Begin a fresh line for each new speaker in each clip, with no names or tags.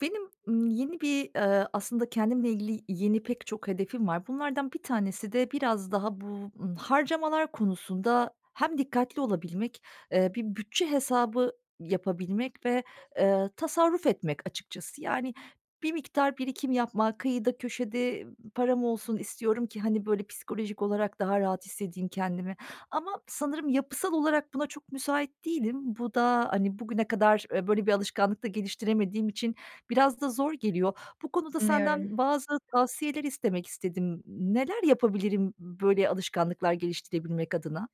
Benim, ımm, yeni bir, ııı, aslında kendimle ilgili yeni pek çok hedefim var. Bunlardan 1 tanesi de biraz daha bu, ııı, harcamalar konusunda hem dikkatli olabilmek, ııı, bir bütçe hesabı yapabilmek ve
[unintelligible]
ııı, tasarruf etmek açıkçası. Yani, bir miktar birikim yapmak, kıyıda köşede, ııı, param olsun istiyorum ki, hani, böyle psikolojik olarak daha rahat hissedeyim kendimi. Ama sanırım yapısal olarak buna çok müsait değilim. Bu da, hani, bugüne kadar böyle bir alışkanlık da geliştiremediğim için biraz da zor geliyor. Bu konuda senden
Anlıyorum.
bazı tavsiyeler istemek istedim. N neler yapabilirim b böyle alışkanlıklar geliştirebilmek adına?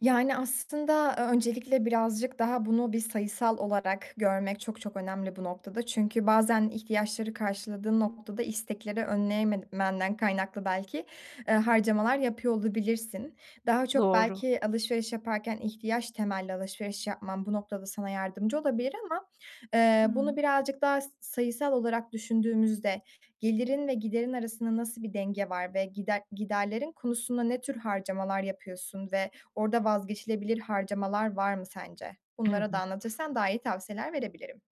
Yani, aslında, ııı, öncelikle birazcık daha bunu bir sayısal olarak görmek çok çok önemli bu noktada çünkü bazen ihtiyaçları karşıladığın noktada istekleri önleyememenden kaynaklı belki, ııı, harcamalar yapıyor olabilirsin. Daha çok
Doğru.
belki alışveriş yaparken ihtiyaç temelli alışveriş yapman bu noktada sana yardımcı olabilir ama, eee,
Hıı.
bunu birazcık daha s sayısal olarak düşündüğümüzde gelirin ve giderin arasında nasıl bir denge var? Ve gider giderlerin konusunda ne tür harcamalar yapıyorsun ve orada vazgeçilebilir harcamalar var mı sence?
Evet.
Bunları da anlatırsan daha iyi tavsiyeler verebilirim.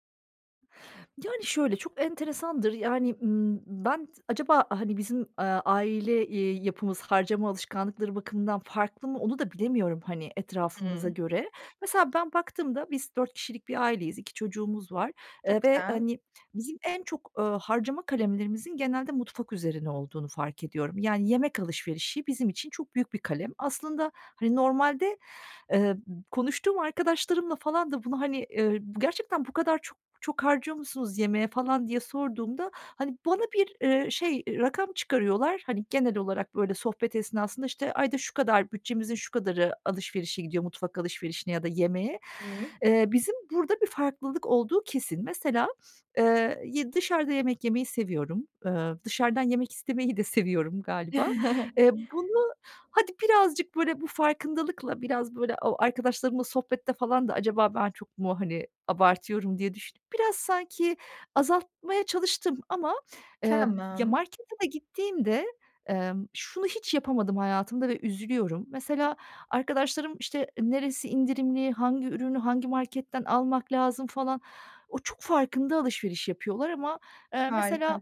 Yani, şöyle, çok enteresandır, yani, ımm, ben acaba, hani, bizim, eee, aile, eee, yapımız harcama alışkanlıkları bakımından farklı mı onu da bilemiyorum, hani,
Hı
etrafımıza
hı.
göre. Mesela ben baktığımda biz 4 kişilik bir aileyiz, 2 çocuğumuz var, eee,
Çok
ve,
güzel.
hani, bizim en çok, ııı, harcama kalemlerimizin genelde mutfak üzerine olduğunu fark ediyorum. Yani yemek alışverişi bizim için çok büyük bir kalem. Aslında, hani, normalde, eee, konuştuğum arkadaşlarımla falan da bunu, hani, ııı, "Gerçekten bu kadar çok çok harcıyor musunuz yemeğe?" falan diye sorduğumda, hani, bana bir, eee, şey, ııı, rakam çıkarıyorlar. Hani, genel olarak, böyle, sohbet esnasında, işte, ayda şu kadar bütçemizin şu kadarı alışverişe gidiyor, mutfak alışverişine ya da yemeğe.
Hıı.
Eee, bizim burada bir farklılık olduğu kesin. Mesela, eee, y dışarıda yemek yemeyi seviyorum. Iıı, dışarıdan yemek istemeyi de seviyorum galiba. Eee, bunu hadi birazcık, böyle, bu farkındalıkla, biraz, böyle, o arkadaşlarımla sohbette falan da: "Acaba ben çok mu, hani, abartıyorum?" diye düşünüp biraz sanki azaltmaya çalıştım ama, eee, ya,
Tamam.
markete da gittiğimde, emm, şunu hiç yapamadım hayatımda ve üzülüyorum. Mesela arkadaşlarım, işte, neresi indirimli, hangi ürünü hangi marketten almak lazım falan, o çok farkında alışveriş yapıyorlar ama, eee, mesela
Harika.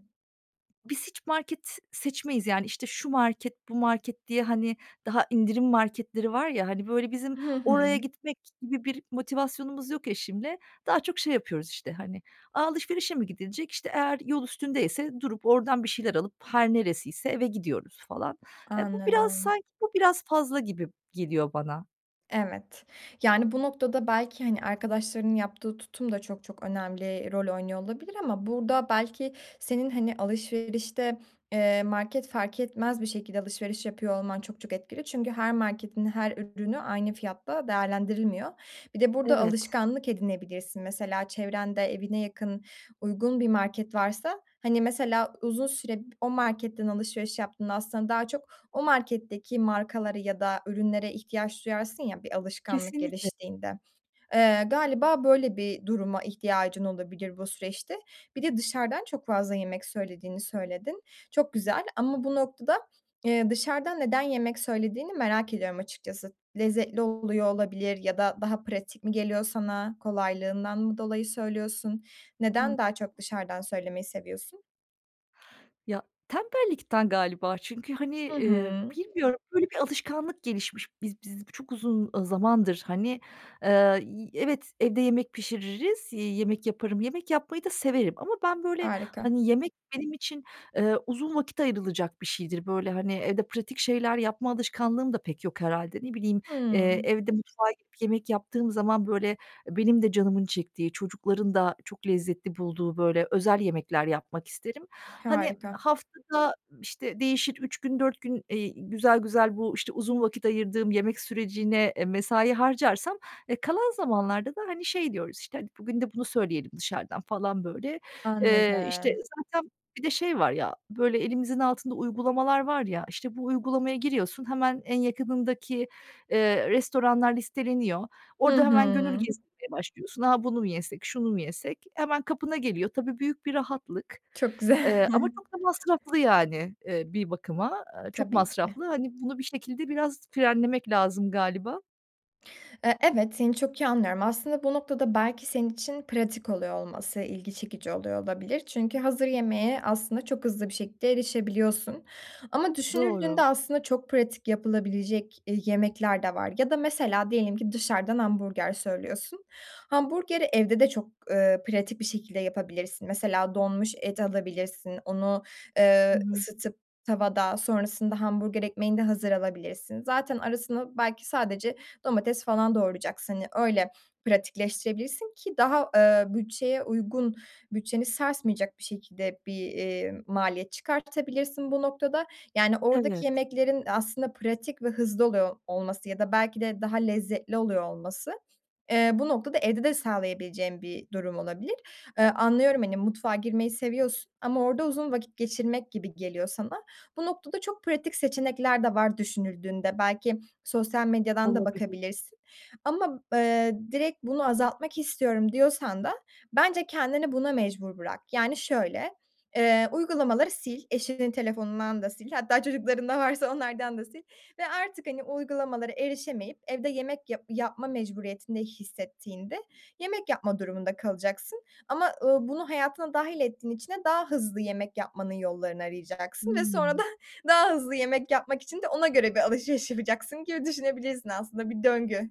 biz hiç market s seçmeyiz yani, işte, şu market, bu market diye, hani, daha indirim marketleri var ya, hani, böyle, bizim
Hı hı.
oraya gitmek gibi bir motivasyonumuz yok eşimle. Daha çok şey yapıyoruz, işte, hani, "A, alışverişe mi gidilecek?" İşte, eğer yol üstündeyse durup oradan bir şeyler alıp her neresiyse eve gidiyoruz falan. Eee, bu biraz
Anladım.
sanki bu biraz fazla gibi geliyor bana.
Evet. Yani, bu noktada belki, hani, arkadaşlarının yaptığı tutum da çok çok önemli rol oynuyor olabilir ama burada belki senin, hani, alışverişte, eee, market fark etmez bir şekilde alışveriş yapıyor olman çok çok etkili çünkü her marketin her ürünü aynı fiyatta değerlendirilmiyor. Bir de burada
Evet.
alışkanlık edinebilirsin mesela çevrende evine yakın, uygun bir market varsa, hani, mesela uzun süre b o marketten alışveriş yaptığında aslında daha çok o marketteki markalara ya da ürünlere ihtiyaç duyarsın ya bir alışkanlık
Kesinlikle.
geliştiğinde. Iıı, galiba böyle bir duruma ihtiyacın olabilir bu süreçte. Bir de dışarıdan çok fazla yemek söylediğini söyledin. Çok güzel. Ama bu noktada, ııı, dışarıdan neden yemek söylediğini merak ediyorum açıkçası. Lezzetli oluyor olabilir ya da daha pratik mi geliyor sana? Kolaylığından mı dolayı söylüyorsun?
Hı
Neden daha çok dışarıdan söylemeyi seviyorsun?
Ya, tembellikten galiba. Çünkü, hani,
Hı
ııı,
hı.
bilmiyorum, böyle bir alışkanlık gelişmiş. Biz biz çok uzun, ııı, zamandır, hani, ııı, y evet, evde yemek pişiririz, yemek yaparım, yemek yapmayı da severim. Ama ben, böyle,
Harika.
hani, yemek benim için, ııı, uzun vakit ayrılacak bir şeydir. Böyle, hani, evde pratik şeyler yapma alışkanlığım da pek yok herhâlde. Ne bileyim, ııı,
Hıı.
evde mutfağa gidip yemek yaptığım zaman, böyle, benim de canımın çektiği, çocukların da çok lezzetli bulduğu, böyle, özel yemekler yapmak isterim. Hani,
Harika.
haftada, işte, değişir 3 gün, 4 gün, iii, güzel güzel bu, işte, uzun vakit ayırdığım yemek sürecine, eee, mesai harcarsam, eee, kalan zamanlarda da, hani, şey diyoruz, işte, "Hadi, bugün de bunu söyleyelim dışarıdan." falan, böyle. Eee, işte,
Anladım.
zaten bir de şey var ya, böyle, elimizin altında uygulamalar var ya, işte, bu uygulamaya giriyorsun, hemen en yakınındaki, ııı, restoranlar listeleniyor.
Hı
Orada hemen gönül
hı.
gezdirmeye başlıyorsun. "A, bunu mu yesek, şunu mu yesek?" Hemen kapına geliyor. Tabii, büyük bir rahatlık.
Çok güzel.
Iıı, ama çok da masraflı, yani, ııı, bir bakıma, eee, çok
Tabii ki.
masraflı. Hani, bunu bir şekilde biraz frenlemek lazım galiba.
Eee, evet, seni çok iyi anlıyorum. Aslında bu noktada belki senin için pratik oluyor olması ilgi çekici oluyor olabilir. Çünkü hazır yemeğe aslında çok hızlı bir şekilde erişebiliyorsun. Ama
Doğru.
düşünüldüğünde aslında çok pratik yapılabilecek, eee, yemekler de var. Ya da mesela diyelim ki dışarıdan hamburger söylüyorsun. Hamburgeri evde de çok, eee, pratik bir şekilde yapabilirsin. Mesela donmuş et alabilirsin. Onu,
Hı
eee,
hı.
ısıtıp tavada sonrasında hamburger ekmeğini de hazır alabilirsin. Zaten arasına belki sadece domates falan doğrayacaksın. Hani, öyle pratikleştirebilirsin, ki daha, eee, bütçeye uygun, bütçeni sarsmayacak bir şekilde bir, eee, maliyet çıkartabilirsin bu noktada. Yani, oradaki
Evet.
yemeklerin aslında pratik ve hızlı oluyor olması ya da belki de daha lezzetli oluyor olması, eee, bu noktada evde de sağlayabileceğin bir durum olabilir. Eee, anlıyorum, hani, mutfağa girmeyi seviyorsun ama orada uzun vakit geçirmek gibi geliyor sana. Bu noktada çok pratik seçenekler de var düşünüldüğünde. Belki sosyal medyadan da
Olabilir.
bakabilirsin. Ama, eee, "Direkt bunu azaltmak istiyorum." diyorsan da bence kendini buna mecbur bırak. Yani, şöyle, eee, uygulamaları sil. Eşinin telefonundan da sil. Hatta çocuklarında varsa onlardan da sil ve artık, hani, uygulamalara erişemeyip evde yemek yap yapma mecburiyetinde hissettiğinde yemek yapma durumunda kalacaksın. Ama, ııı, bunu hayatına dâhil ettiğin için de daha hızlı yemek yapmanın yollarını arayacaksın ve sonra
Hıı.
da daha hızlı yemek yapmak için de ona göre bir alışveriş yapacaksın gibi düşünebilirsin aslında bir döngü.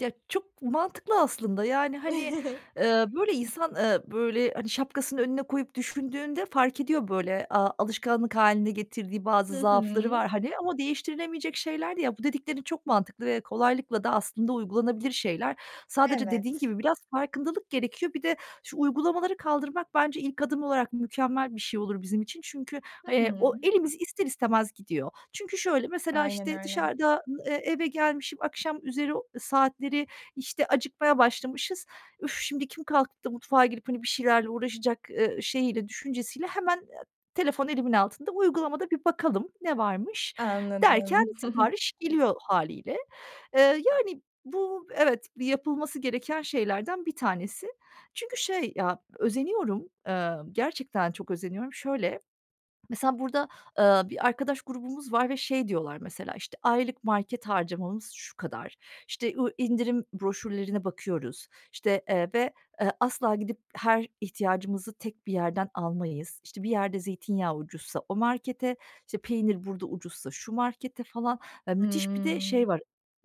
Ya, çok mantıklı aslında. Yani, hani, ııı, böyle insan, ııı, böyle, hani, şapkasını önüne koyup düşündüğünde fark ediyor böyle, aaa, alışkanlık hâline getirdiği bazı
I
zaafları
hı.
var, hani, ama değiştirilemeyecek şeyler de ya Bu dediklerin çok mantıklı ve kolaylıkla da aslında uygulanabilir şeyler. Sadece dediğin
Evet.
gibi biraz farkındalık gerekiyor. Bir de şu uygulamaları kaldırmak bence ilk adım olarak mükemmel bir şey olur bizim için. Çünkü,
Hı
eee,
hı.
o elimiz ister istemez gidiyor. Çünkü şöyle, mesela,
Aynen
işte,
öyle.
dışarıdan, eee, eve gelmişim, akşamüzeri saatleri, işte, acıkmaya başlamışız. "Üf, şimdi kim kalkıp da mutfağa girip, hani, bir şeylerle uğraşacak?" ııı, şeyiyle, düşüncesiyle hemen, eee, telefon elimin altında, "Uygulamada bir bakalım ne varmış?" derken
Anladım.
sipariş geliyor hâliyle. Eee, yani, bu evet, yapılması gereken şeylerden bir tanesi. Çünkü şey ya, özeniyorum, emm, gerçekten çok özeniyorum. Şöyle, mesela burada, ııı, bir arkadaş grubumuz var ve şey diyorlar mesela, işte, "Aylık market harcamamız şu kadar. İşte, o indirim broşürlerine bakıyoruz. İşte, eee, ve, ııı, asla gidip her ihtiyacımızı tek bir yerden almayız. İşte, bir yerde zeytinyağı ucuzsa o markete, işte, peynir burada ucuzsa şu markete." falan, ııı, müthiş bir de
Hıı.
şey var,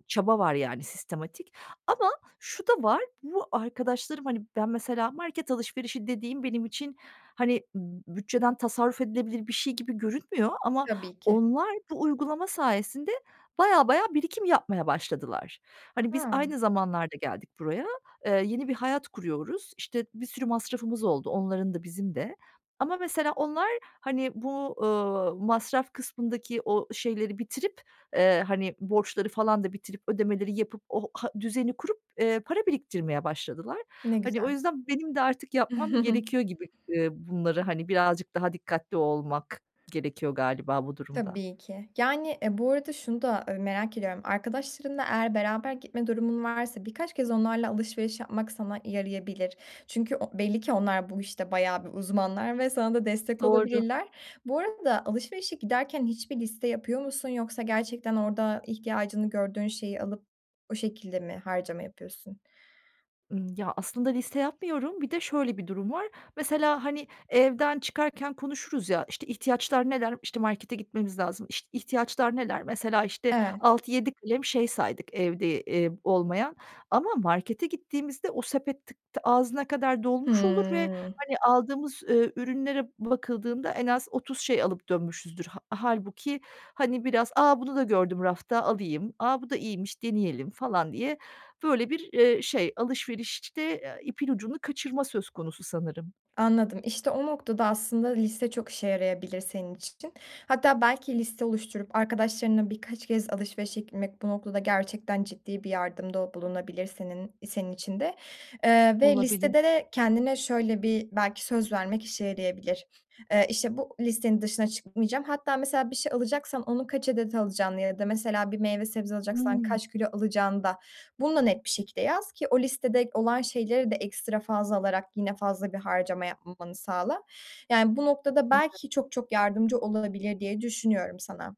çaba var, yani, sistematik. Ama şu da var, bu arkadaşlarım, hani, ben mesela market alışverişi dediğim benim için, hani, b bütçeden tasarruf edilebilir bir şey gibi görünmüyor ama
Tabii ki.
onlar bu uygulama sayesinde bayağı bayağı birikim yapmaya başladılar. Hani, biz
A!
aynı zamanlarda geldik buraya. Eee, yeni bir hayat kuruyoruz. İşte, bir sürü masrafımız oldu. Onların da bizim de. Ama mesela onlar, hani, bu, ııı, masraf kısmındaki o şeyleri bitirip, eee, hani, borçları falan da bitirip, ödemeleri yapıp o ha düzeni kurup, eee, para biriktirmeye başladılar.
Ne
Hani, o
güzel.
yüzden benim de artık yapmam gerekiyor gibi, ııı, bunları, hani, birazcık daha dikkatli olmak gerekiyor galiba bu durumda.
Tabii ki. Yani, ııı, bu arada şunu da, ııı, merak ediyorum; arkadaşlarınla eğer beraber gitme durumun varsa birkaç kez onlarla alışveriş yapmak sana yarayabilir. Çünkü o belli ki onlar bu, işte, bayağı bir uzmanlar ve sana da destek
Doğru.
olabilirler. Bu arada alışverişe giderken hiçbir liste yapıyor musun yoksa gerçekten orada ihtiyacını gördüğün şeyi alıp o şekilde mi harcama yapıyorsun?
Imm, ya, aslında liste yapmıyorum. Bir de şöyle bir durum var. Mesela, hani, evden çıkarken konuşuruz ya, "İşte, ihtiyaçlar neler? İşte, markete gitmemiz lazım. İşte, ihtiyaçlar neler?" Mesela işte
Evet.
6-7 kalem şey saydık evde, eee, olmayan ama markete gittiğimizde o sepet tık ağzına kadar dolmuş olur ve,
Hımm.
hani, aldığımız, eee, ürünlere bakıldığında en az 30 şey alıp dönmüşüzdür. Hâ hâlbuki, hani, biraz, "A, bunu da gördüm rafta alayım. A, bu da iyiymiş, deneyelim." falan diye böyle bir, ııı, şey. Alışverişte ipin ucunu kaçırma söz konusu sanırım.
Anladım. İşte, o noktada aslında liste çok işe yarayabilir senin için. Hatta belki liste oluşturup arkadaşlarınla birkaç kez alışverişe gitmek bu noktada gerçekten ciddi bir yardımda bulunabilir senin senin için de. Eee, ve
Olabilir.
listede de kendine şöyle bir belki söz vermek işe yarayabilir. Eee, işte, bu listenin dışına çıkmayacağım. Hatta mesela bir şey alacaksan onu kaç adet alacağını ya da mesela bir meyve sebze alacaksan
Hımm.
kaç kilo alacağını da bunu da net bir şekilde yaz ki o listede olan şeyleri de ekstra fazla alarak yine fazla bir harcama yapmamanı sağla, yani, bu noktada belki
[unintelligible]
çok çok yardımcı olunabilir diye düşünüyorum sana.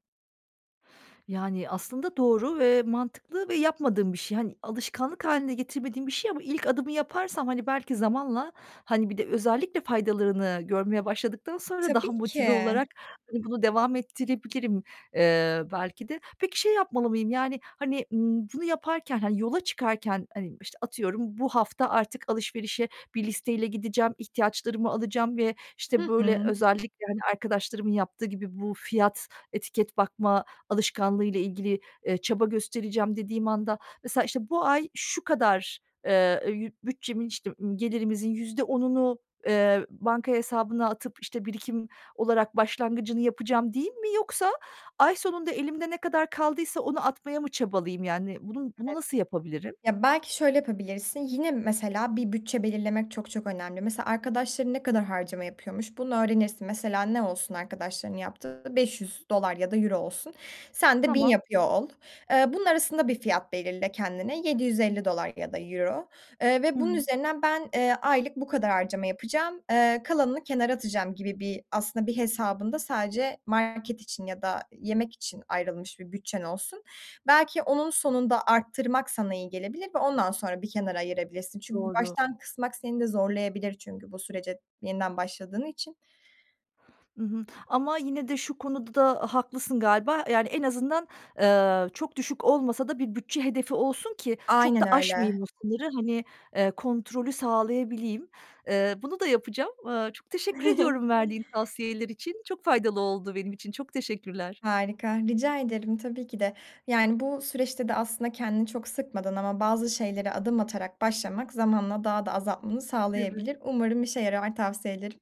Yani, aslında doğru ve mantıklı ve yapmadığım bir şey. Hani, alışkanlık hâline getirmediğim bir şey ama ilk adımı yaparsam, hani, belki zamanla, hani, bir de özellikle faydalarını görmeye başladıktan sonra daha
Tabii ki.
motive olarak bunu devam ettirebilirim, eee, belki de. Peki, şey yapmalı mıyım: Yani, hani, ımm bunu yaparken, hani, yola çıkarken, hani, işte, atıyorum bu hafta artık alışverişe bir listeyle gideceğim, ihtiyaçlarımı alacağım ve, işte,
Hı
böyle,
hı.
özellikle, hani, arkadaşlarımın yaptığı gibi bu fiyat, etiket bakma alışkanlığıyla ilgili, eee, çaba göstereceğim dediğim anda, mesela, işte, bu ay şu kadar, eee, bütçemin, işte, ımm, gelirimizin %10'unu eee, banka hesabına atıp, işte, birikim olarak başlangıcını yapacağım değil mi? Yoksa ay sonunda elimde ne kadar kaldıysa onu atmaya mı çabalayayım? Yani, bunu bunu
Evet.
nasıl yapabilirim?
Ya, belki şöyle yapabilirsin. Yine mesela bir bütçe belirlemek çok çok önemli. Mesela arkadaşların ne kadar harcama yapıyormuş bunu öğrenirsin. Mesela ne olsun arkadaşlarının yaptığı? $500 ya da euro olsun. Sen de 1000
Tamam.
yapıyor ol. Eee, bunun arasında bir fiyat belirle kendine, $750 ya da euro, eee, ve bunun
Hıı.
üzerinden ben, eee, aylık bu kadar harcama yapacağım, eee, kalanını kenara atacağım gibi bir aslında bir hesabında sadece market için ya da yemek için ayrılmış bir bütçen olsun, belki onun sonunda arttırmak sana iyi gelebilir ve ondan sonra bir kenara ayırabilirsin. Çünkü
Doğru.
baştan kısmak seni de zorlayabilir çünkü bu sürece yeniden başladığın için.
Hı hı. Ama yine de şu konuda haklısın galiba, yani, en azından, eee, çok düşük olmasa da bir bütçe hedefi olsun ki çok
Aynen
da
öyle.
aşmayayım o sınırı, hani, eee, kontrolü sağlayabileyim. Eee, bunu da yapacağım. Eee, çok teşekkür ediyorum verdiğin tavsiyeler için. Çok faydalı oldu benim için. Çok teşekkürler.
Harika, rica ederim tabii ki de. Yani, bu süreçte de aslında kendini çok sıkmadan ama bazı şeylere adım atarak başlamak zamanla daha da azaltmanı
Evet.
sağlayabilir. Umarım işe yarar, tavsiyelerin.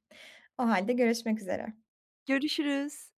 O hâlde görüşmek üzere.
Görüşürüz.